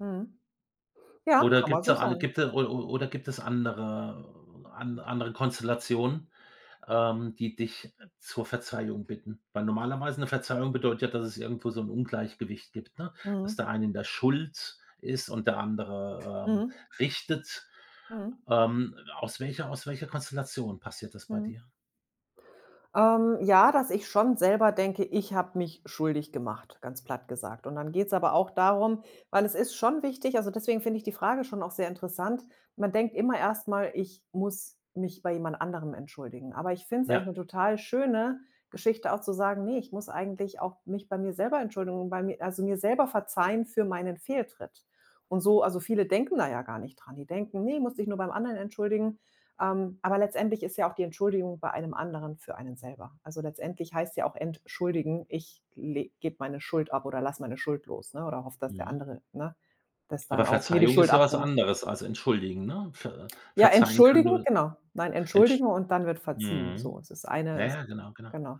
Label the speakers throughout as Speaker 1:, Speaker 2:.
Speaker 1: Mhm. Ja,
Speaker 2: Oder
Speaker 1: kann man
Speaker 2: gibt's
Speaker 1: so
Speaker 2: da al
Speaker 1: sagen.
Speaker 2: gibt es o o oder gibt es andere an andere Konstellationen, ähm, die dich, äh, zur Verzeihung bitten? Weil normalerweise 'ne Verzeihung bedeutet ja, dass es irgendwo so 'n Ungleichgewicht gibt, ne, dass
Speaker 1: Mhm.
Speaker 2: der eine in der Schuld ist und der andere, ähm,
Speaker 1: Mhm.
Speaker 2: richtet.
Speaker 1: Mhm.
Speaker 2: Ähm, aus welcher aus welcher Konstellation passiert das bei
Speaker 1: Mhm.
Speaker 2: dir?
Speaker 1: Ähm, ja, dass ich schon selber denke: „Ich habe mich schuldig gemacht“, ganz platt gesagt. Und dann geht's aber auch darum weil es ist schon wichtig, also, deswegen finde ich die Frage schon auch sehr interessant, man denkt immer erst mal: „Ich muss mich bei jemand anderem entschuldigen.“ Aber ich finde es eigentlich 'ne
Speaker 2: Ja.
Speaker 1: total schöne Geschichte auch zu sagen: „Ne, ich muss eigentlich auch mich bei mir selber Entschuldigung bei mir also, mir selber verzeihen für meinen Fehltritt.“ Und so also, viele denken da ja gar nicht dran, die denken: „Ne, musst dich nur beim anderen entschuldigen.“ Ähm, aber letztendlich ist ja auch die Entschuldigung bei einem anderen für einen selber. Also, letztendlich heißt ja auch entschuldigen, ich le gebe meine Schuld ab oder lasse meine Schuld los, ne, oder hoffe, dass der
Speaker 2: Mhm.
Speaker 1: andere, ne, dass dann
Speaker 2: Aber
Speaker 1: auch mir die
Speaker 2: Verzeihung
Speaker 1: Schuld
Speaker 2: ist ja was
Speaker 1: abnimmt.
Speaker 2: anderes als entschuldigen, ne? Ver
Speaker 1: Ja,
Speaker 2: verzeihen kann
Speaker 1: entschuldigen,
Speaker 2: nur
Speaker 1: genau. Nein,
Speaker 2: entsch
Speaker 1: entschuldigen und dann wird verziehen.
Speaker 2: mhm.
Speaker 1: So es ist eine
Speaker 2: Ja,
Speaker 1: ist
Speaker 2: ja, genau, genau.
Speaker 1: genau.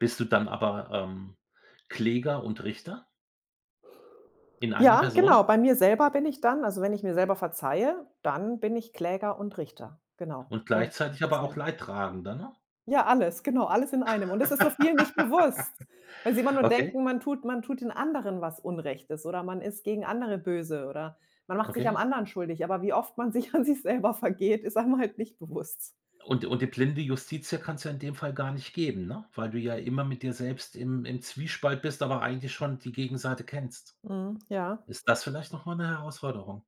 Speaker 2: Bist du dann aber, ähm, Kläger und Richter in einer
Speaker 1: Ja,
Speaker 2: Person?
Speaker 1: genau, bei mir selber bin ich dann, also, wenn ich mir selber verzeihe, dann bin ich Kläger und Richter, genau,
Speaker 2: Und
Speaker 1: und
Speaker 2: gleichzeitig aber auch
Speaker 1: verzeihe.
Speaker 2: Leidtragender, ne?
Speaker 1: Ja, alles, genau, alles in einem. Und das ist so vielen nicht bewusst. Weil sie immer nur
Speaker 2: Okay.
Speaker 1: denken, man tut man tut den anderen was Unrechtes oder man ist gegen andere böse oder man macht sich am
Speaker 2: Okay.
Speaker 1: anderen schuldig, aber wie oft man sich an sich selber vergeht, ist einem halt nicht bewusst.
Speaker 2: Und und die blinde Justitia kann's ja in dem Fall gar nicht geben, ne, weil du ja immer mit dir selbst im im Zwiespalt bist, aber eigentlich schon die Gegenseite kennst.
Speaker 1: Mhm, ja.
Speaker 2: Ist das vielleicht noch mal 'ne Herausforderung?